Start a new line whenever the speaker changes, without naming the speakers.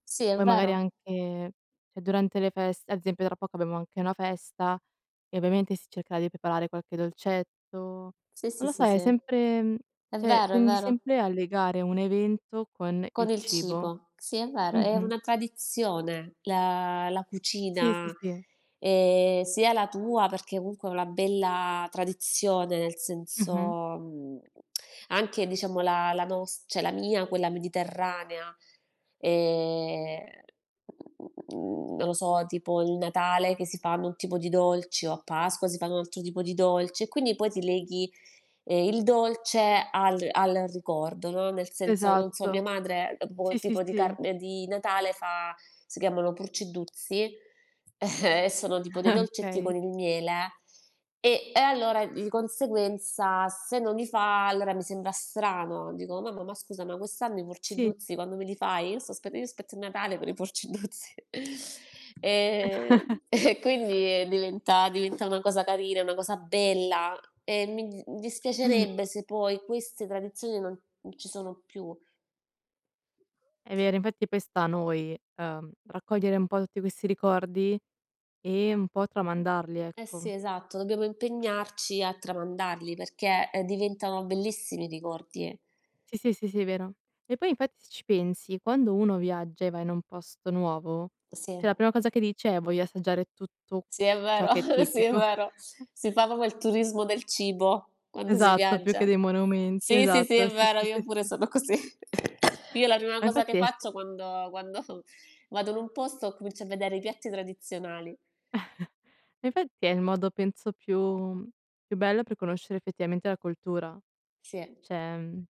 Sì, è
Poi magari
vero.
anche c'è durante le feste ad esempio tra poco abbiamo anche una festa e ovviamente si cercherà di preparare qualche dolcetto. Non
Sì, sì,
lo so,
sì,
è
sì.
sempre
È
cioè
vero, è
tendi
vero.
sempre a legare un evento con
Con
il
il
cibo.
cibo. Sì, è vero, è
Mh-mh.
una tradizione la la
Sì,
cucina,
sì, sì.
ehm, sia la tua, perché comunque è una bella tradizione, nel senso,
Mh-mh.
mhmm, anche diciamo la la nos cioè la mia quella mediterranea, ehm, non lo so tipo il Natale che si fanno un tipo di dolce o a Pasqua si fanno un altro tipo di dolce e quindi poi ti leghi, ehm, il dolce al al ricordo, no, nel senso, non so, mia
Esatto,
madre, ehm,
sì,
boh
sì,
tipo di
sì.
tarn di Natale fa si chiamano Purceddhruzzi e sono tipo dei dolcetti
Okay.
con il miele e e allora di conseguenza se non li fa, allora mi sembra strano, dico: "Mamma, ma scusami quest'anno i
Sì,
Purceddhruzzi
sì,
quando me
sì,
li
sì.
fai?" Io sto aspe io aspetto il Natale per i Purceddhruzzi. Ehm, e quindi, ehm, diventa diventa una cosa carina, una cosa bella e mi di mi
Mh-mh.
dispiacerebbe se poi queste tradizioni non non ci sono più.
È vero, infatti poi sta a noi, ehm, raccogliere un po' tutti questi ricordi e un po' tramandarli,
Eh, sì,
ecco.
esatto. Dobbiamo impegnarci a tramandarli, perché, ehm, diventano bellissimi ricordi.
Sì, sì, sì, vero. E poi infatti se ci pensi, quando uno viaggia e va in un posto nuovo, cioè
Sì.
la prima cosa che dice è voglio assaggiare tutto
Sì, è
ciò
vero
che è
sì, è
tipico.
vero. Si fa proprio il turismo del cibo quando si
Esatto, più che
viaggia.
dei monumenti,
Sì, sì, sì,
esatto,
è
sì,
vero,
sì,
io
sì,
pure
sì.
sono così. Io la prima
Ma
cosa che
infatti è se
faccio quando quando vado in un posto comincio a vedere i piatti tradizionali.
E infatti è il modo penso più, mh, più bello per conoscere effettivamente la cultura.
Sì.
Cioè, mhmm